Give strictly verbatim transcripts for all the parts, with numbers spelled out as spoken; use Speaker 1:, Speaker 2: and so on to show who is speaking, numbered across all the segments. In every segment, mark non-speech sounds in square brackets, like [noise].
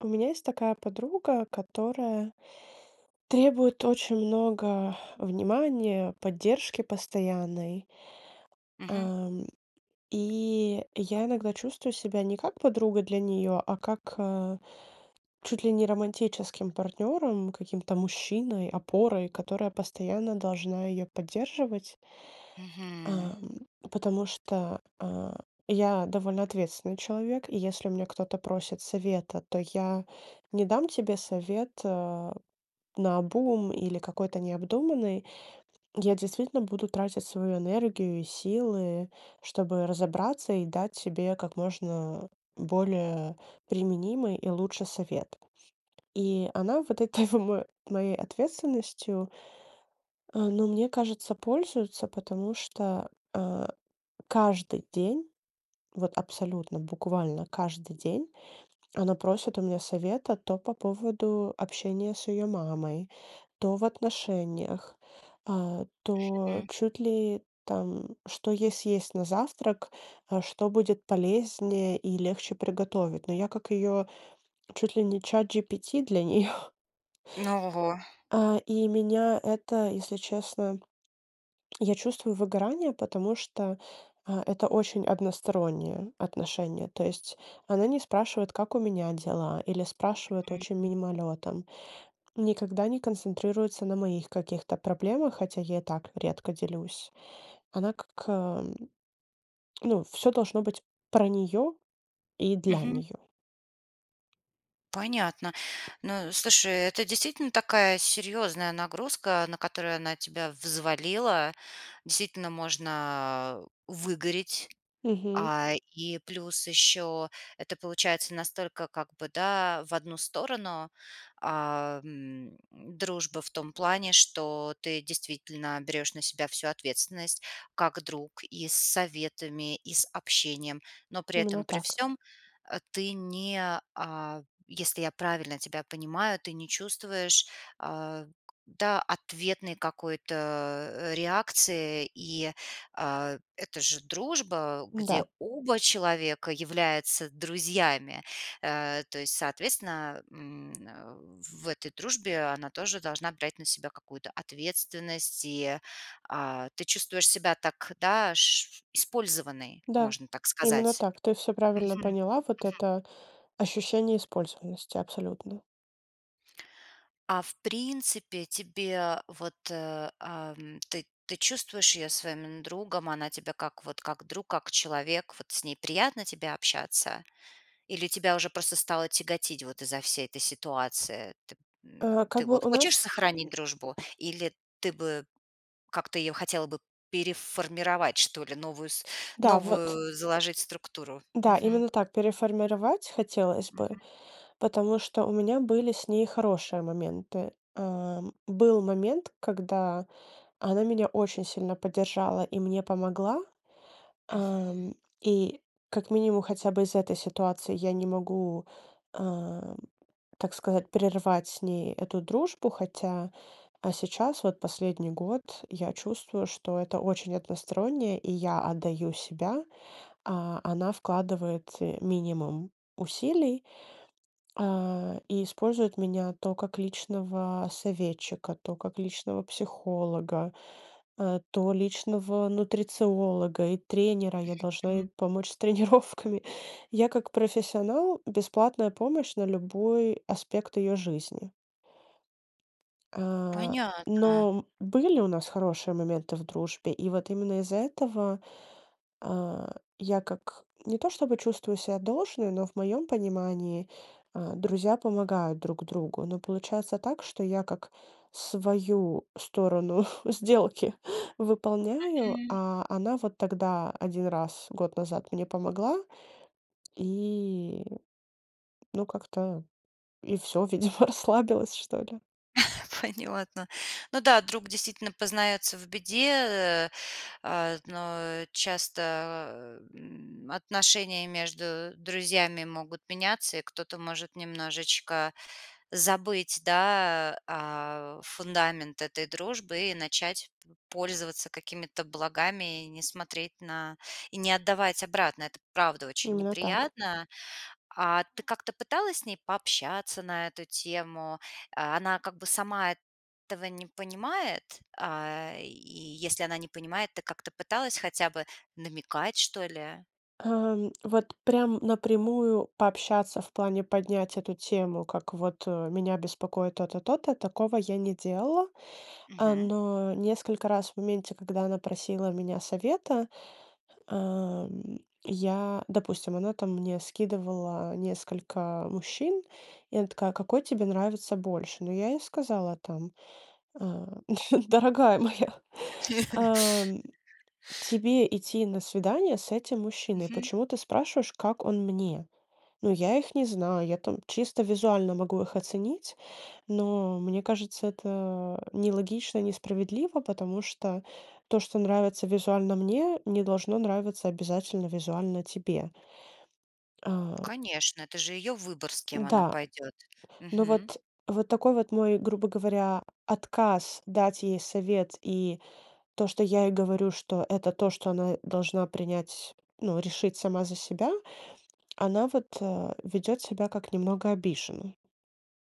Speaker 1: У меня есть такая подруга, которая требует очень много внимания, поддержки постоянной.
Speaker 2: Мгм.
Speaker 1: Ам, и я иногда чувствую себя не как подруга для неё, а как, э, чуть ли не романтическим партнёром, каким-то мужчиной, опорой, которая постоянно должна её поддерживать.
Speaker 2: Мгм.
Speaker 1: Ам, потому что, э, я довольно ответственный человек, и если у меня кто-то просит совета, то я не дам тебе совет, э, наобум или какой-то необдуманный. Я действительно буду тратить свою энергию и силы, чтобы разобраться и дать тебе как можно более применимый и лучше совет. И она вот этой в мо моей ответственностью, э, ну, мне кажется, пользуется, потому что, э, каждый день, вот абсолютно буквально каждый день она просит у меня совета, то по поводу общения с её мамой, то в отношениях, а, то
Speaker 2: Хм.
Speaker 1: чуть ли там, что ей съесть на завтрак, а что будет полезнее и легче приготовить. Но я как её чуть ли не Чат-GPT для неё.
Speaker 2: Ну ого.
Speaker 1: А, и меня это, если честно я чувствую выгорание, потому что, э, это очень одностороннее отношение, то есть она не спрашивает, как у меня дела, или спрашивает очень
Speaker 2: Мгм.
Speaker 1: мимолетом. Никогда не концентрируется на моих каких-то проблемах, хотя я и так редко делюсь. Она как, э [tsk] ну, всё должно быть про неё и для
Speaker 2: Мгм.
Speaker 1: неё.
Speaker 2: Понятно. Но, слушай, это действительно такая серьёзная нагрузка, на которую она тебя взвалила. Действительно можно выгореть,
Speaker 1: Мгм.
Speaker 2: а, и плюс ещё это получается настолько как бы, да, в одну сторону, а, м, дружба в том плане, что ты действительно берёшь на себя всю ответственность как друг: и с советами, и с общением. Но при
Speaker 1: Именно
Speaker 2: этом при
Speaker 1: так.
Speaker 2: всём, э, ты не, а- если я правильно тебя понимаю- ты не чувствуешь, а, да, ответной какой-то, э, реакции. И, а, это же дружба, где
Speaker 1: Да.
Speaker 2: оба человека являются друзьями. Э, то есть, соответственно, м, в этой дружбе она тоже должна брать на себя какую-то ответственность, и, а Ты чувствуешь себя так, да, аж использованной,
Speaker 1: Да,
Speaker 2: можно так
Speaker 1: именно
Speaker 2: сказать.
Speaker 1: так. Ты всё правильно
Speaker 2: Мгм.
Speaker 1: поняла, вот
Speaker 2: Мгм.
Speaker 1: это ощущение использованности, абсолютно.
Speaker 2: А в принципе тебе вот, э, ам, ты ты чувствуешь её своим именно другом, она тебя как вот как друг, как человек, вот с ней приятно тебе общаться? Или тебя уже просто стало тяготить вот из-за всей этой ситуации? Т м,
Speaker 1: Э,
Speaker 2: ты
Speaker 1: как бы
Speaker 2: вот
Speaker 1: у
Speaker 2: хочешь
Speaker 1: нас,
Speaker 2: сохранить дружбу,
Speaker 1: м [grunts]
Speaker 2: или ты бы как-то её хотела бы переформировать, что ли, новую с
Speaker 1: Да вот
Speaker 2: новую заложить структуру?
Speaker 1: Да,
Speaker 2: Мгм.
Speaker 1: именно так. Переформировать хотелось бы,
Speaker 2: Мгм.
Speaker 1: потому что у меня были с ней хорошие моменты. Э, был момент, когда она меня очень сильно поддержала и мне помогла.
Speaker 2: Мгм.
Speaker 1: Ам, и как минимум хотя бы из-за этой ситуации я не могу, а, так сказать, прервать с ней эту дружбу, хотя А сейчас, вот последний год я чувствую, что это очень односторонне, и я отдаю себя. А она вкладывает, э, минимум усилий, а, и использует меня то как личного советчика, то как личного психолога, э, то личного нутрициолога и тренера, я
Speaker 2: Мгм,
Speaker 1: должна ей
Speaker 2: мгм.
Speaker 1: помочь с тренировками. Я как профессионал, бесплатная помощь на любой аспект её жизни. А,
Speaker 2: Понятно.
Speaker 1: но были у нас хорошие моменты в дружбе, и вот именно из-за этого, а, я как не то чтобы чувствую ся должной, но в моём понимании, а, друзья помогают друг другу. Но получается так, что я как свою сторону [chuckles] сделки выполняю,
Speaker 2: Мгм.
Speaker 1: а она вот тогда один раз год назад мне помогла- и ну как-то и всё, видимо, расслабилась, что ли.
Speaker 2: [chuckles] Понятно. Ну да, друг действительно познается в беде, э, а, вот, но часто, эм, отношения между друзьями могут меняться, и кто-то может немножечко забыть, да, а, фундамент этой дружбы и начать п пользоваться какими-то благами, и не смотреть на и не отдавать обратно. Это правда очень
Speaker 1: Именно так.
Speaker 2: неприятно. А ты как-то пыталась с ней пообщаться на эту тему? А, она как бы сама эт того не понимает? А, и если она не понимает, ты как-то пыталась хотя бы намекать, что ли?
Speaker 1: Эм, вот прям напрямую пообщаться, в плане поднять эту тему, как вот, э, меня беспокоит то-то, то-то- такого я не делала. А,
Speaker 2: Мгм.
Speaker 1: но несколько раз в моменте, когда она просила у меня совета, эм, я Допустим, она там мне скидывала несколько мужчин, и она такая: "Какой тебе нравится больше?" Ну, я ей сказала там, а: "Дорогая моя, ам,
Speaker 2: [chuckles]
Speaker 1: тебе идти на свидание с этим мужчиной,
Speaker 2: Мгм.
Speaker 1: почему ты спрашиваешь, как он мне?" Ну, я их не знаю, я там чисто визуально могу их оценить, но мне кажется, это нелогично и несправедливо, потому что то, что нравится визуально мне, не должно нравиться обязательно визуально тебе. А.
Speaker 2: Конечно, это же её выбор, с кем она
Speaker 1: Да,
Speaker 2: пойдет.
Speaker 1: ну
Speaker 2: Мгм.
Speaker 1: вот вот такой вот мой, грубо говоря, отказ дать ей совет и то, что я ей говорю, что это то, что она должна принять ну, решить сама за себя, она вот, а, ведет себя как немного обиженной.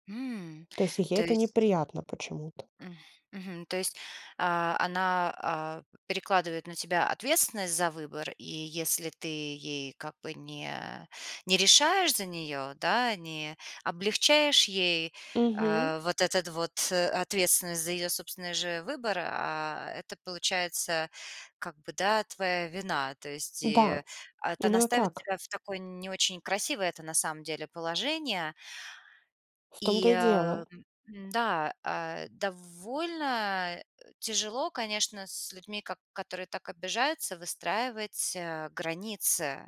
Speaker 2: М,
Speaker 1: То есть ей
Speaker 2: то
Speaker 1: это
Speaker 2: есть
Speaker 1: неприятно почему-то.
Speaker 2: М. Мгм, то есть, а, она, а, перекладывает на тебя ответственность за выбор, и если ты ей как бы не не решаешь за неё, да, не облегчаешь ей,
Speaker 1: Мгм.
Speaker 2: а, вот этот вот ответственность за её собственный же выбор, а, это получается как бы, да, твоя вина. То есть и
Speaker 1: Да.
Speaker 2: это она
Speaker 1: Именно
Speaker 2: ставит
Speaker 1: так.
Speaker 2: тебя в такое не очень красивое-то на самом деле положение.
Speaker 1: В
Speaker 2: И,
Speaker 1: том-то и
Speaker 2: а,
Speaker 1: дело.
Speaker 2: м, м, да, э, довольно, э, тяжело, конечно, с людьми, ко которые так обижаются, выстраивать, э, границы.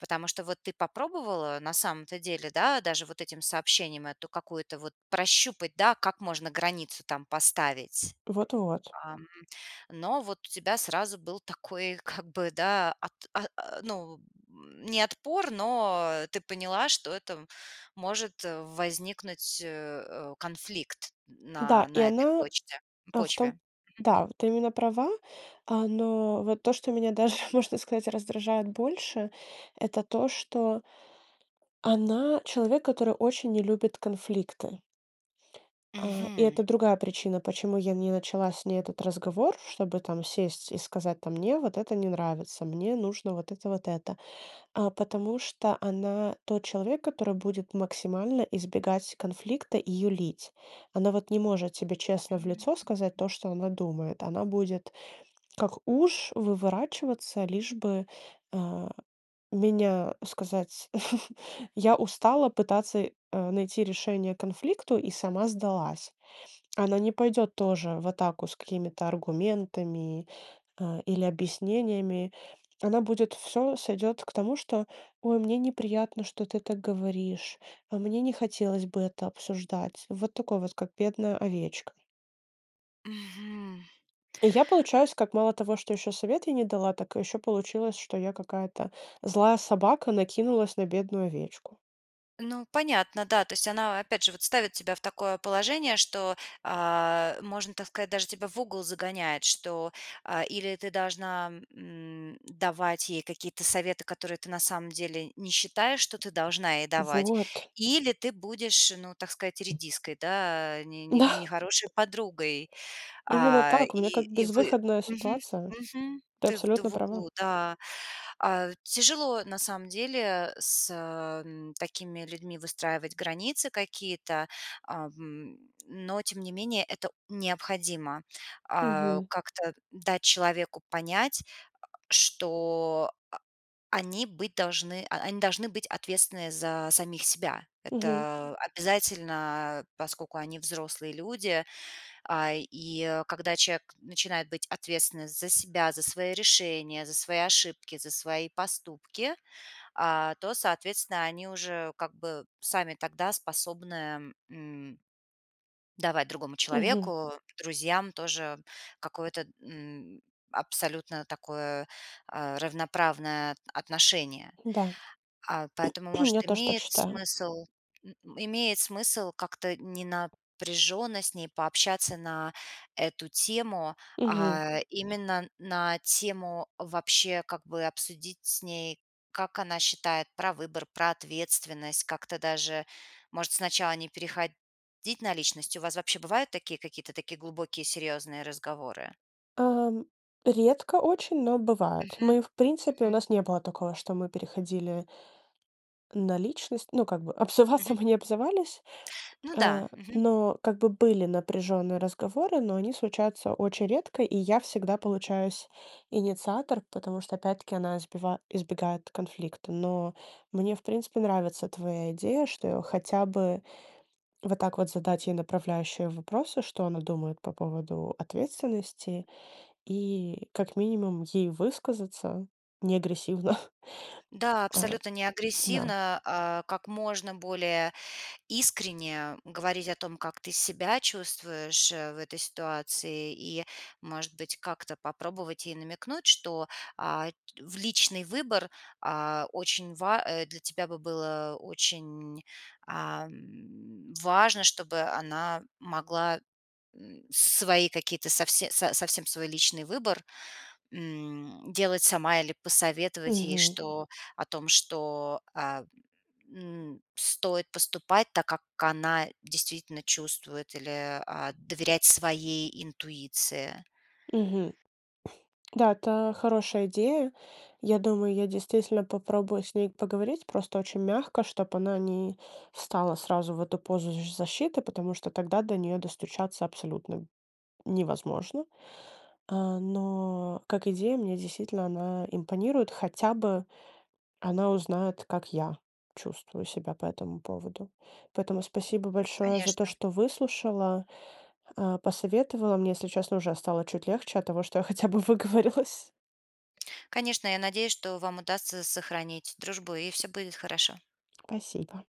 Speaker 2: Потому что вот ты попробовала на самом-то деле, да, даже вот этим сообщением эту какую-то вот прощупать, да, как можно границу там поставить.
Speaker 1: Вот-вот.
Speaker 2: Ам, но вот у тебя сразу был такой как бы да от о ну, не отпор, но ты поняла, что это м может возникнуть, э, э, конфликт
Speaker 1: Да,
Speaker 2: на
Speaker 1: и
Speaker 2: на этой
Speaker 1: она
Speaker 2: почте
Speaker 1: а в том
Speaker 2: почве. Мгм.
Speaker 1: Да, вот ты именно права, а, но вот то, что меня даже, можно сказать, раздражает больше, это то, что она- человек, который очень не любит конфликты. А, и
Speaker 2: Мгм.
Speaker 1: это другая причина, почему я не начала с ней этот разговор, чтобы там сесть и сказать там: "Мне вот это не нравится, мне нужно вот это, вот это". А, потому что она тот человек, который будет максимально избегать конфликта и юлить. Она вот не может тебе честно в
Speaker 2: Мм,
Speaker 1: лицо сказать
Speaker 2: мгм.
Speaker 1: то, что она думает. Она будет как уж выворачиваться, лишь бы, а меня сказать. [chuckles] Я устала пытаться, э, найти решение конфликту и сама сдалась. Она не пойдет тоже в атаку с какими-то аргументами, а, или объяснениями, она будет всё сойдет к тому, что: "Ой, мне неприятно, что ты так говоришь, а мне не хотелось бы это обсуждать". Вот такое вот, как бедная овечка.
Speaker 2: Мгм.
Speaker 1: И я получаюсь как мало того, что ещё совет ей не дала, так ещё получилось, что я какая-то злая собака, накинулась на бедную овечку.
Speaker 2: Ну, понятно, да, то есть она, опять же, вот ставит тебя в такое положение, что, а, можно так сказать, даже тебя в угол загоняет, что, а, или ты должна, м, давать ей какие-то советы, которые ты на самом деле не считаешь, что ты должна ей давать,
Speaker 1: Вот!
Speaker 2: или ты будешь, ну, так сказать, редиской да, не не не
Speaker 1: Да.
Speaker 2: нехорошей подругой.
Speaker 1: Именно
Speaker 2: А,
Speaker 1: так. У меня
Speaker 2: и
Speaker 1: как
Speaker 2: и вы
Speaker 1: безвыходная
Speaker 2: Мгм,
Speaker 1: ситуация.
Speaker 2: мгм.
Speaker 1: Ты
Speaker 2: Ты в ты
Speaker 1: абсолютно
Speaker 2: в
Speaker 1: права.
Speaker 2: углу, да. А, тяжело на самом деле с, э, м, такими людьми выстраивать границы какие-то. Ам, но тем не менее это необходимо. А,
Speaker 1: Мгм.
Speaker 2: как-то дать человеку понять, [grunts] что, а, они быть должны а, они должны быть ответственные за самих себя.
Speaker 1: Мгм.
Speaker 2: Это обязательно, поскольку они взрослые люди. А, и когда человек начинает быть ответственный за себя, за свои решения, за свои ошибки, за свои поступки, а, то соответственно они уже как бы сами тогда способны, м давать другому
Speaker 1: Мгм.
Speaker 2: человеку, друзьям тоже какое-то, м, абсолютно такое, а, равноправное т отношение.
Speaker 1: Да.
Speaker 2: А, поэтому,
Speaker 1: [clears throat] Я
Speaker 2: может,
Speaker 1: тоже так
Speaker 2: имеет
Speaker 1: считаю.
Speaker 2: смысл м, имеет смысл как-то не напряженно с ней пообщаться на эту тему.
Speaker 1: Мгм.
Speaker 2: А именно на тему вообще как бы обсудить с ней, как она считает про выбор, про ответственность, как-то даже, может, сначала не переходить на личность? У вас вообще бывают такие какие-то такие глубокие серьёзные разговоры?
Speaker 1: Ам, редко очень, но бывает.
Speaker 2: Мгм.
Speaker 1: Мы в принципе у
Speaker 2: Мгм.
Speaker 1: нас не было такого, что мы переходили на личность. Ну, как бы обзываться
Speaker 2: Мгм.
Speaker 1: мы не обзывались.
Speaker 2: Ну да,
Speaker 1: А,
Speaker 2: мгм.
Speaker 1: но как бы были напряженные разговоры, но они случаются очень редко, и я всегда получаюсь инициатор, потому что, опять-таки, она избива избегает конфликта. Но мне в принципе нравится твоя идея, что я хотя бы вот так вот задать ей направляющие вопросы, что она думает по поводу ответственности, и как минимум ей высказаться не агрессивно. [chuckles]
Speaker 2: Да,
Speaker 1: А.
Speaker 2: абсолютно не
Speaker 1: Да.
Speaker 2: агрессивно, а как можно более искренне говорить о том, как ты себя чувствуешь, э, в этой ситуации и, может быть, как-то попробовать ей намекнуть, что, а, в личный выбор, а, очень ва э, для тебя бы было очень, ам, важно, чтобы она могла, м, свои какие-то совсе со совсем свой личный выбор, м, делать сама. Или посоветовать ей,
Speaker 1: Мгм.
Speaker 2: что о том, что, а, м, стоит поступать так, как она действительно чувствует, или, а, доверять своей интуиции.
Speaker 1: Мгм. [blows air] Да, это хорошая идея. Я думаю, я действительно попробую с ней поговорить, просто очень мягко, чтоб она не встала сразу в эту позу з защиты, потому что тогда до неё достучаться абсолютно невозможно. А, но как идея мне действительно она импонирует. Хотя бы она узнает, как я чувствую себя по этому поводу. Поэтому спасибо большое за то,
Speaker 2: Конечно.
Speaker 1: что выслушала, а, посоветовала мне, если честно, уже стало чуть легче от того, что я хотя бы выговорилась.
Speaker 2: Конечно, я надеюсь, что вам удастся с сохранить дружбу и всё будет хорошо.
Speaker 1: Спасибо.